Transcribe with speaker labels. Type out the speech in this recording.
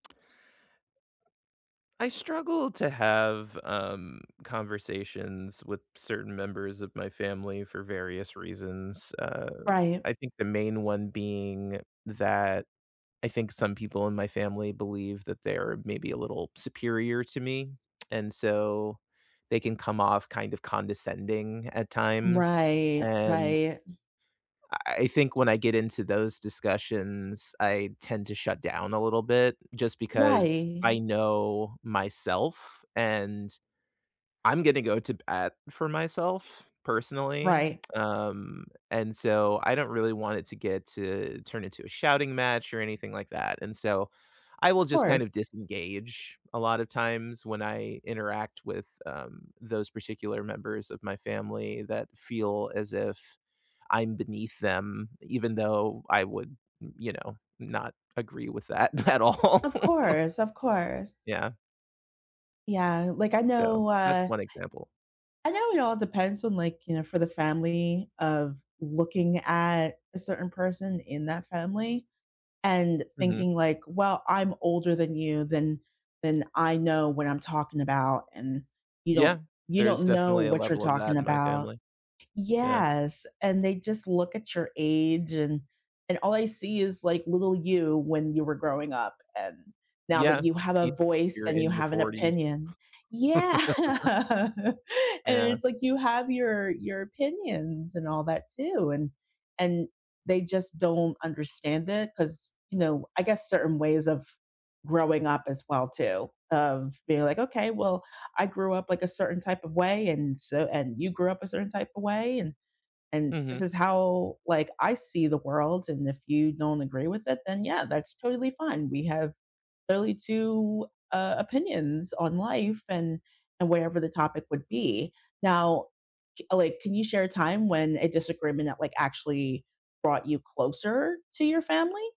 Speaker 1: I struggle to have, um, conversations with certain members of my family for various reasons, uh,
Speaker 2: Right.
Speaker 1: I think the main one being that I think some people in my family believe that they're maybe a little superior to me, and so they can come off kind of condescending at times,
Speaker 2: Right,
Speaker 1: and
Speaker 2: right.
Speaker 1: eI think when I get into those discussions, I tend to shut down a little bit just because I
Speaker 2: Right.
Speaker 1: know myself, and I'm gonna go to bat for myself personally,
Speaker 2: Right.
Speaker 1: um, and so I don't really want it to get to turn into a shouting match, or anything like that, and, so, I will
Speaker 2: Of
Speaker 1: just kind
Speaker 2: course.
Speaker 1: of disengage a lotta times when I interact with, um, those particular members of my family that feel as if I'm beneath them, even though I would m you know, not agree with that at all.
Speaker 2: Of course, of course.
Speaker 1: Yeah.
Speaker 2: Yeah, like, I
Speaker 1: So,
Speaker 2: know,
Speaker 1: that's
Speaker 2: uh
Speaker 1: 1 example.
Speaker 2: I know it all depends on, like, you know, for the family of looking at a certain person in that family, and
Speaker 1: Mhm.
Speaker 2: thinking, like, "Well, I'm older than you, then then I know what I'm talking about, and you don't
Speaker 1: Yeah,
Speaker 2: you
Speaker 1: there's
Speaker 2: don't know
Speaker 1: definitely a
Speaker 2: what you're
Speaker 1: level of
Speaker 2: talking
Speaker 1: that in my
Speaker 2: about."
Speaker 1: family. Yeah.
Speaker 2: Yes, and they just look at your age and and all I see is, like, little you when you were growing up, and now that
Speaker 1: Yeah,
Speaker 2: you have
Speaker 1: you
Speaker 2: a voice,
Speaker 1: you're
Speaker 2: and you
Speaker 1: in your
Speaker 2: have an
Speaker 1: 40s.
Speaker 2: opinion Yeah, and
Speaker 1: Yeah.
Speaker 2: it's, like, you have your your opinions, and all that too, and and they just don't understand it, 'cause, you know I guess certain ways of growing up as well too, of being, like, "Okay, well, I grew up, like, a certain type of way, and so and you grew up a certain type of way, and and this
Speaker 1: Mhm.
Speaker 2: is how, like, I see the world, and if you don't agree with it, then yeah, that's totally fine, we have clearly 2, uh, opinions on life, and and whatever the topic would be." Now, j uh, like, can you share a time when a disagreement that like actually brought you closer to your family?